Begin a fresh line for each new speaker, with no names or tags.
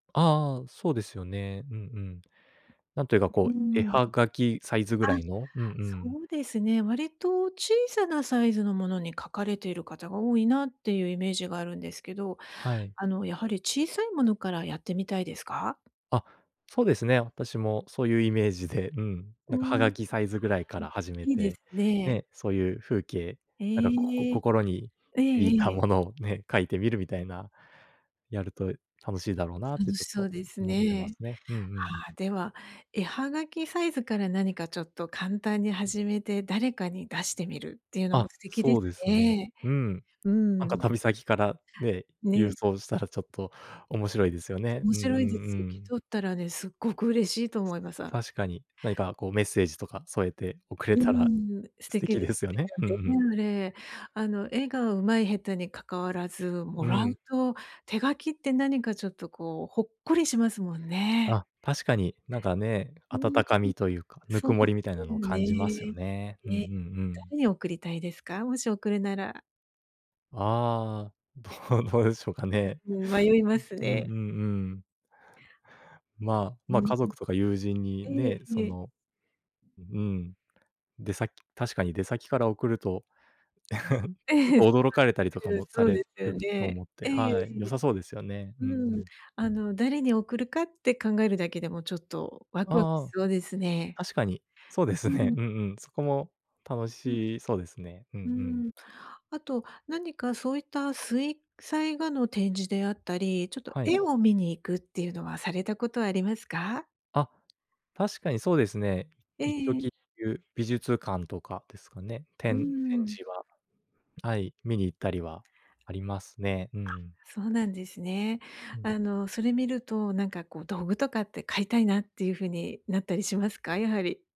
ああ、そうですよね。うんうん。なんというか
う
こ
ー
う、絵
ん。
葉
あ、
書きサイズぐらいの。うんう
そ
ん。
うですね。割と小さなサイズのものに書かれている方が多いなっていうイメージがあるんですけど、
はい。
あのやはり小さいものからやってみたいですか？
あ、そうですね。私もそういうイメージで、うん。
う
なんかハ
ん。あ
ガ
あ、
キサイズぐらいから始め
いいで
て、
すね。
ね、そういう風景、なんかここ
ええ。
心に
ええ
響いた
ええ。
ものをね、書いてみるみたいな。やると楽しいだろうなって
楽
ち
し
ょっ
そ
と
うです
思ってま
ね。
すね、うんうん。
ああ、では、絵葉書きサイズから何かちょっと簡単に始めて誰かに出してみるっていうのも
あ、
素敵で
そ
す
うですね。
ね。
うん。
う
なんか
ん。
旅先から、ね、郵
ね。
送したらちょっと面白いですよね。
面
うんう
白いで
んう
すよ。受け
ん。
取ったらね、凄く嬉しいと思います。
確かに、何かこうメッセージとか添えて送れ
うー
たら
ん、素
素
敵
敵
で
で
す
すよ
ね
ね。うんうん。
あの絵が上手い下手にかかわらず、
う
もらう
ん。
と手書きって何かちょっとこうほっこりしますもんね。
あ、確かに、なんかね、
う
温
ん。
かみというか、
そう
温も
で
りみたいな
す
のを
よ
感じますよ
ね。
ね。うんう
ね、
んうん。
誰に送りたいですか？もし送るなら。
ああ、どうどうでしょうかね。
うん、迷います
うん、う
ね。
んうんうん。まあ、
う
ま
ん。
家族とか友人に
ええ、
ね、
え
そ
え。
の、うん、出先確かに出先から送ると、ちょっ と驚かれたり とか
うん、
もさ
そう
れ
ですよ
ると
ね。
思って、
ええ
はい、良
ええ。
さそうですよね。うんう
うん、
ん。
あの誰に送るかって考えるだけでもちょっとわくわくし
ああ。
そうですね。
確かに。そうです
う
ね。
ん。
うんうん、そこも楽
うん。
しそうですね。うんう
う
ん。
ん、あと何かそういった水彩画の展示であったり、ちょっと
はい。
絵を観に行くっていうのはされたことはありますか？
あ、確かにそうですね。
え
一時、
え。
く美術館とかですかね。
う
展展
ん。
示は、はい、観に行ったりはありますね。うんう
あ、
ん。
そうなんですね。
うん。
あのそれ見ると、なんかこう道具とかって買いたいなっていう風になったりしますか？やはり。